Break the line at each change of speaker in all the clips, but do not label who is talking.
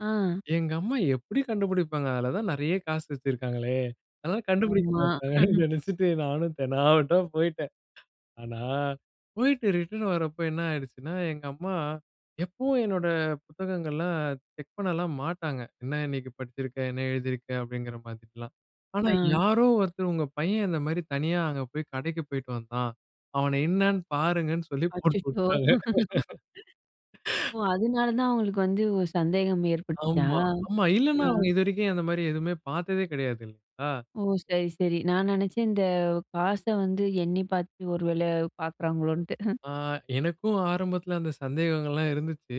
ஆ.
எங்கம்மா எப்படி கண்டுபிடிப்பாங்க? அதில தான் நெறைய காசு வச்சிருக்காங்களே! அதா கண்டுபிடிக்க
ஆமா.
மாட்டாங்கன்னு நினச்சிட்டு நானும் தெனாவெட்டா போய்ட்டேன். ஆனா, போய்ட்டு ரிட்டர்ன் வரப்ப என்ன ஆயிடுச்சுன்னா, எங்கம்மா, எப்பவும் என்னோட புத்தகங்கள்லாம் செக் பண்ணலாம் மாட்டாங்க. ''என்ன இன்னைக்கு படிச்சிருக்க? என்ன எழுதியிருக்க?'' அப்டிங்கிற மாதிரிலாம். ஆனா
ஆ.
யாரோ ஒருத்தர் ''உங்க பையன் இந்த மாரி தனியா அங்க போய், கடைக்கு போயிட்டு வந்தான்'' அவன என்னன்னு பாருங்கன்னு சொல்லி
அச்சச்சோ.
போட்டுவிட்டாங்க.
ஓ! அதனால தான் அவங்களுக்கு வந்து ஒரு சந்தேகம் ஏற்பட்டுச்சா?
ஆமா, ஆமா. இல்லனா
ஆ.
அவுங்க இதுவரைக்கும் அந்த மாரி எதுமே பார்த்ததே கிடையாது. [unintelligible] ஆ.
ஓ! சரி, சரி. நான் நினச்சேன், இந்த காச வந்து எண்ணி பார்த்துட்டு, ஒரு வேள பார்க்குறாங்களோன்ட்டு.
ஆ, எனக்கும் ஆரம்பத்தில அந்த சந்தேகங்கள்லாம் இருந்துச்சு.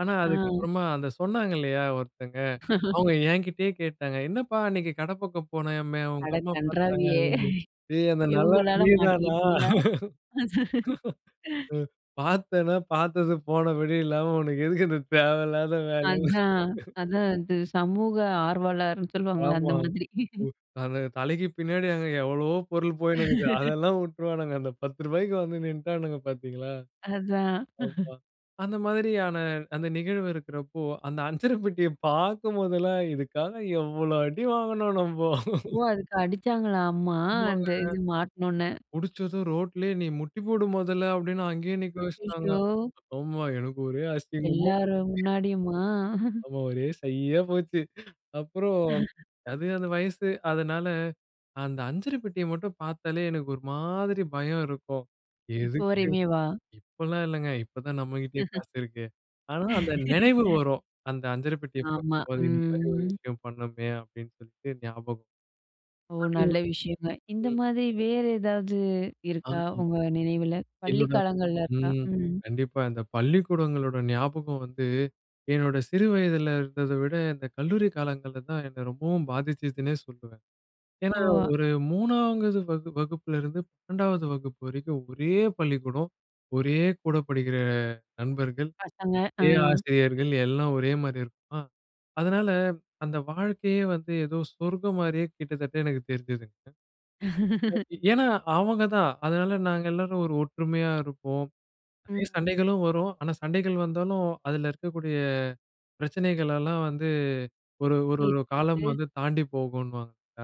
ஆனா
ஆ.
அதுக்கப்புறமா அத சொன்னாங்கில்லையா! ஒருத்தங்க. அவங்க ஏங்கிட்டயே கேட்டாங்க. "என்னப்பா! அன்னைக்கு கட பக்கம் போனயாமே,
அட
உங்கம்மா பார்த்தாங்க."
கண்றாவியே!
[unintelligible] ஏய்! அந்த நல்லவன்
இவங்களால
நீ தானா?
மாட்டிக்கிட்டீயா?
அ பாத்தத பாத்தது போனபடி இல்லாம உனக்கு எதுக்கு இந்த தேவையில்லாத வேல.
அதான், அதான். அது சமூக ஆர்வாலர்னு சொல்லுவாங்கல்ல,
ஆமா.
அந்த மாதிரி.
அந்த தலைக்கு பின்னாடி அங்க எவ்வளவோ பொருள் போயிட்டு இருக்கு. அதெல்லாம் வுட்டுருவானுங்க. அந்த 10 ரூபாய்க்கு வந்து நின்டானுங்க பார்த்தீங்களா?
அதான்.
அப்பா! அந்த மாதிரியான அந்த நிகழ்வு இருக்கிறப்போ, அந்த அஞ்சர பெட்டிய பார்க்கும் போதெல்லாம், இதுக்காக எவ்ளோ அடி வாங்குனோம் நம்போ.
ஓ! அதுக்கு அடிச்சாங்களா அம்மா?
[unintelligible] அது
அந்த இது மாட்னோன்னே.
புடிச்சதும் ரோட்லயே நீ முட்டி போடு மொதல்ல, அப்டின்னு அங்கயே நிக்க வெச்சுட்டாங்க.
அய்யயோ!
ஆமா எனக்கு ஒரே அசிங்கமா போச்சு
எல்லாரும் முன்னாடியுமா?
ஆமா ஒரே ஷையா போச்சு. அப்புறம் அது அந்த வயசு அதனால, அந்த அஞ்சறப்பெட்டியை மட்டும் பாத்தாலே எனக்கு ஒரு மாதிரி பயம் இருக்கும்.
இப்ப
எதுக்கு?
வரையுமே வா?
இப்பலாம் இல்லங்க. இப்ப தான் நம்மகிட்டயே காசு இருக்கே. ஆனா அந்த நினைவு வரும். அந்த அஞ்சரபெட்டிய
ஆமா,
பார்க்கும்போது, இந்த மாரி ஒரு
ம்.
விஷயம் பண்ணமே! அப்டினு சொல்ட்டு ஞாபகம்.
ஓ! நல்ல
[unintelligible]
விஷயங்க. இந்த
ம்.
மாரி வேற ஏதாவது இருக்கா?
[unintelligible]
உங்க நினைவில. பள்ளிக்
என்னோட
காலங்கள்ல இருக்கா?
ம்.
ம்.
கண்டிப்பா. இந்த பள்ளிக்கூடங்களோட ஞாபகம் வந்து, என்னோட சிறு வயதுல இருந்தத விட இந்த கல்லூரி காலங்கள்ல தான் என்ன ரொம்பவும் பாதிச்சுதுன்னே சொல்லுவேன். ஏன்னா,
ஓ!
ஒரு 3வது வகு வகுப்பிலிருந்து 12வது வகுப்பு வரைக்கும் ஒரே பள்ளிக்கூடம், ஒரே கூட படிக்கிற நண்பர்கள்,
பசங்க. ஆ.
அதே ஆசிரியர்கள், எல்லாம் ஒரே மாரி இருக்குமா! அதனால, அந்த வாழ்க்கையே வந்து ஏதோ சொர்கம் மாரியே கிட்டத்தட்ட எனக்கு தெரிஞ்சுதுங்க. [unintelligible] ஏன்னா, அவங்க தான். அதனால நாங்க எல்லாரும் ஒரு ஒற்றுமையா இருப்போம்.
ம்.
நிறைய சண்டைகளும் வரும். ஆனா, சண்டைகள் வந்தாலும் அதில இருக்கக்கூடிய பிரச்சனைகளெல்லாம் வந்து, ஒரு ஒரு ஒரு காலம்
தீர்த்துகிட்டு
வந்து தாண்டி போகுன்னுவாங்க, இல்லையா?